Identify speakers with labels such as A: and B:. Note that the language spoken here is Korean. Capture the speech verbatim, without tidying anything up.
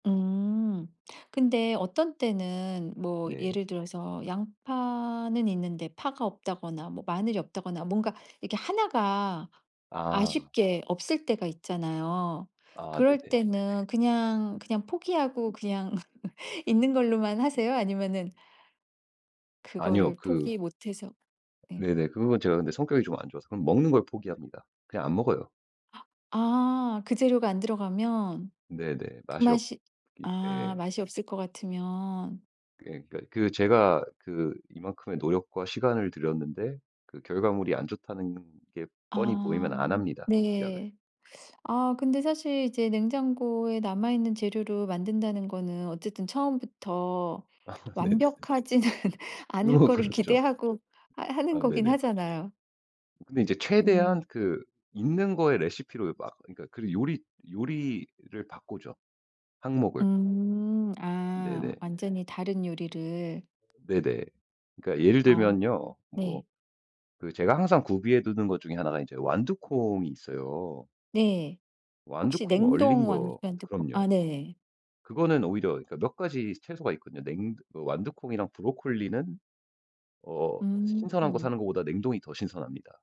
A: 음. 근데 어떤 때는 뭐
B: 네.
A: 예를 들어서 양파는 있는데 파가 없다거나, 뭐 마늘이 없다거나 뭔가 이렇게 하나 가
B: 아.
A: 아쉽게 없을 때가 있잖아요.
B: 아
A: 그럴
B: 네네.
A: 때는 그냥, 그냥 포기하고 그냥 있는 걸로만 하세요? 아니면은
B: 아니요.
A: 그거를
B: 그
A: 포기 못해서 네.
B: 네네. 그런 거는 제가 근데 성격이 좀 안 좋아서 그럼 먹는 걸 포기합니다. 그냥 안 먹어요.
A: 아 그 재료가 안 들어가면.
B: 네네.
A: 그
B: 맛이 없
A: 맛이
B: 기
A: 아
B: 네.
A: 맛이 없을 것 같으면.
B: 예. 그니까 그 제가 그 이만큼의 노력과 시간을 들였는데 그 결과물이 안 좋다는 게 뻔히
A: 아.
B: 보이면 안 합니다, 시작을.
A: 네. 아 근데 사실 이제 냉장고에 남아있는 재료로 만든다는 거는 어쨌든 처음부터
B: 아 네네.
A: 완벽하지는 않을
B: 그건
A: 거를
B: 그렇죠.
A: 기대하고 하 하는
B: 아
A: 거긴
B: 네네.
A: 하잖아요.
B: 근데 이제
A: 음.
B: 최대한 그 있는 거에 레시피로 막 그니까 그 요리 요리를 바꾸죠. 항목을.
A: 음. 아
B: 네네.
A: 완전히 다른 요리를.
B: 네네. 그러니까 예를
A: 아
B: 들면요. 뭐
A: 네.
B: 그 제가 항상 구비해 두는 것 중에 하나 가 이제 완두콩이 있어요.
A: 네. 혹시
B: 완두콩 얼린
A: 냉동 완두
B: 거
A: 완두콩
B: 그럼요.
A: 아 네.
B: 그거는 오히려 그니까 몇 가지 채소가 있거든요. 냉도 어 완두콩이랑 브로콜리는 어 시 신선한 거
A: 음.
B: 사는 것보다 냉동이 더 신선합니다.